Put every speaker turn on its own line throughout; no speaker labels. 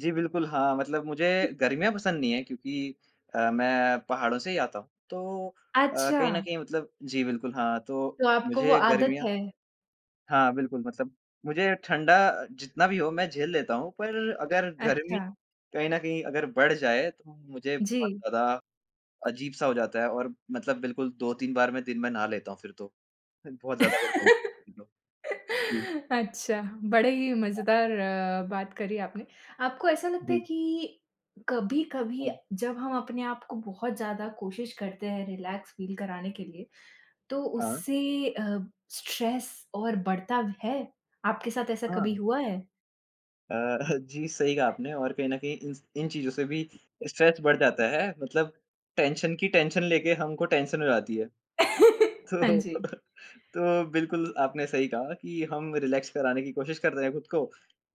जी बिल्कुल। हाँ, मतलब मुझे गर्मियाँ पसंद नहीं है क्योंकि अ, मैं पहाड़ों से ही आता हूँ तो अ, कहीं न
अच्छा।
कहीं मतलब जी बिल्कुल, हाँ, तो
तो आपको वो
मुझे
आदत
गर्मियाँ
है?
हाँ बिल्कुल, मतलब मुझे ठंडा जितना भी हो मैं झेल लेता हूँ पर अगर गर्मी
अच्छा।
कहीं न कहीं अगर बढ़ जाए तो मुझे बहुत
जी।
ज़्यादा अजीब-सा हो जाता है और मतलब बिल्कुल 2-3 बार में दिन मैं नहा लेता हूँ फिर तो ह बहुत ज़्यादा अगर गर्मी हो जाती तो। हुँ।
अच्छा, बड़े ही
हाँ।
मज़ेदार अ, बात करी आपने। आपको ऐसा लगता है
जी।
कि कभी-कभी
हुँ।
जब हम अपने आप को बहुत ज़्यादा कोशिश करते हैं रिलैक्स फ़ील कराने के लिए तो
हाँ।
उससे अ, स्ट्रेस और बढ़ता है? आपके साथ ऐसा कभी
हाँ।
हुआ है?
अ, जी, सही कहा आपने और कहीं न कहीं इन स इन चीज़ों से भी स्ट्रेस बढ़ जाता है मतलब टेंशन की टेंशन लेके हमको टेंशन हो जाती है।
हाँ
तो
जी।
तो बिल्कुल आपने सही कहा कि हम रिलैक्स कराने की कोशिश कर रहे हैं खुद को,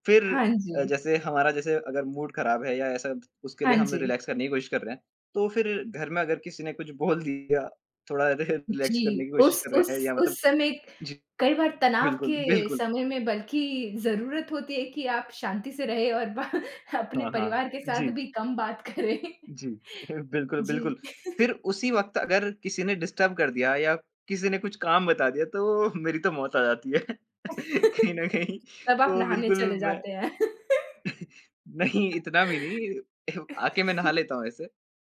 फिर
हाँ
अ,
जी।
जैसे हमारा जैसे अगर मूड खराब है या ऐसा उसके
हाँ
लिए हम
जी।
रिलैक्स करने की कोशिश कर रहे हैं, तो फिर घर में अगर किसी ने कुछ बोल दिया, थोड़ा रे रीलैक्स करने
जी।
की कोशिश
उस
कर रहे हैं
उस
या मतलब
उस समय
जी।
कई बार तनाव
बिल्कुल,
के
बिल्कुल।
समय में बल्कि ज़रूरत होती है कि आप शांति से रहें और ब अपने
हाँ, हाँ।
परिवार के साथ
जी।
भी कम बात करें।
जी। बिल्कुल,
जी।
बिल्कुल। फिर उसी वक़्त अगर किसी ने डिस्टर्ब कर दिया या किसी ने कुछ काम बता दिया तो मेरी तो मौत आ जाती है, कहीं न कहीं
तब आप
तो
नहाने
बिल्कुल
चले
मैं
जाते हैं।
नहीं इतना भी नहीं, आके मैं नहा लेता हूँ ऐसे।